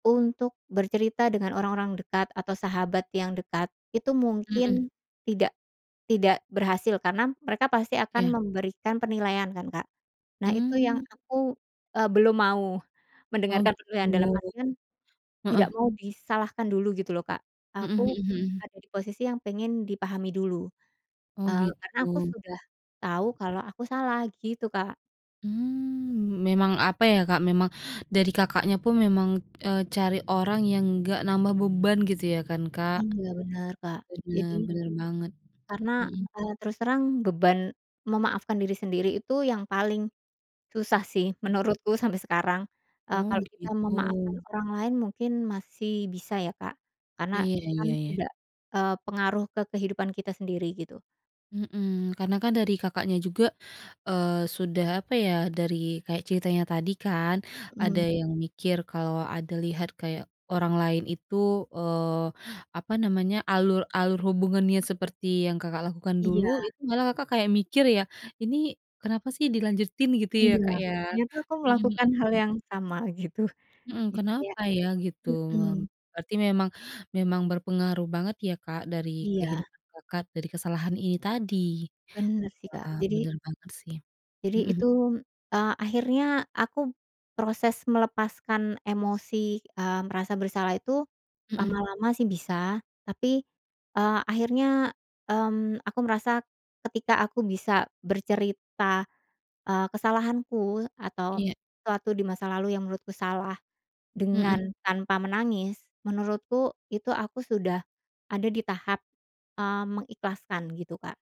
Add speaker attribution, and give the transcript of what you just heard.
Speaker 1: Untuk bercerita dengan orang-orang dekat atau sahabat yang dekat, itu
Speaker 2: Mhm.
Speaker 1: mungkin tidak tidak berhasil karena mereka pasti akan
Speaker 2: Iya.
Speaker 1: memberikan penilaian kan, Kak. Nah itu yang
Speaker 2: Mmm.
Speaker 1: aku, eee, belum mau
Speaker 2: Oh,
Speaker 1: mendengarkan penilaian, dalam
Speaker 2: gitu.
Speaker 1: artian tidak
Speaker 2: Heeh.
Speaker 1: mau disalahkan dulu gitu loh, Kak.
Speaker 2: Mhm mhm
Speaker 1: Aku
Speaker 2: mhm.
Speaker 1: ada di posisi yang pengen dipahami dulu,
Speaker 2: Oh,
Speaker 1: eee, karena aku
Speaker 2: gitu.
Speaker 1: sudah tahu kalau aku salah gitu, Kak.
Speaker 2: Mmm, memang apa ya Kak, memang dari Kakaknya pun memang, eee, cari orang yang nggak nambah beban gitu ya kan, Kak.
Speaker 1: Iya, bener, Kak.
Speaker 2: Bener,
Speaker 1: Jadi
Speaker 2: bener banget,
Speaker 1: karena,
Speaker 2: mhm.
Speaker 1: eee, terus terang beban memaafkan diri sendiri itu yang paling susah sih menurutku sampai sekarang. Eee,
Speaker 2: Oh,
Speaker 1: kalau kita memaafkan
Speaker 2: gitu.
Speaker 1: orang lain mungkin masih bisa ya Kak, karena
Speaker 2: Iya
Speaker 1: kan
Speaker 2: iya iya.
Speaker 1: tidak, eee, pengaruh ke kehidupan kita sendiri, gitu.
Speaker 2: Mhm, karena kan dari Kakaknya juga, eee, sudah, apa ya, dari kayak ceritanya tadi kan ada
Speaker 1: Hmm.
Speaker 2: yang mikir kalau ada lihat kayak orang lain itu, eee, apa namanya, alur alur hubungannya seperti yang Kakak lakukan dulu,
Speaker 1: Iya.
Speaker 2: itu malah Kakak kayak mikir ya, "Ini kenapa sih dilanjutin?" Gitu ya,
Speaker 1: Iya,
Speaker 2: Kak, ya.
Speaker 1: dia tuh kan
Speaker 2: Mhm mhm
Speaker 1: melakukan hal
Speaker 2: mhm.
Speaker 1: yang sama, gitu.
Speaker 2: Mhm.
Speaker 1: Jadi kayak
Speaker 2: Kenapa ya? Gitu
Speaker 1: mhm.
Speaker 2: lom berarti memang memang berpengaruh banget ya Kak dari
Speaker 1: Iya.
Speaker 2: kehidupan Kakak, dari kesalahan ini tadi.
Speaker 1: Bener sih, Kak.
Speaker 2: Wah,
Speaker 1: Jadi
Speaker 2: bener banget, sih.
Speaker 1: jadi
Speaker 2: Mhm.
Speaker 1: itu, eee, akhirnya aku proses melepaskan emosi, eee, merasa bersalah itu,
Speaker 2: Mhm.
Speaker 1: lama-lama sih bisa tapi, eee, akhirnya, mmm, aku merasa ketika aku bisa bercerita, eee, kesalahanku atau
Speaker 2: Iya.
Speaker 1: sesuatu di masa lalu yang menurutku salah
Speaker 2: Mhm.
Speaker 1: dengan tanpa menangis. Menurutku itu aku sudah ada di tahap, eee, mengikhlaskan gitu, Kak.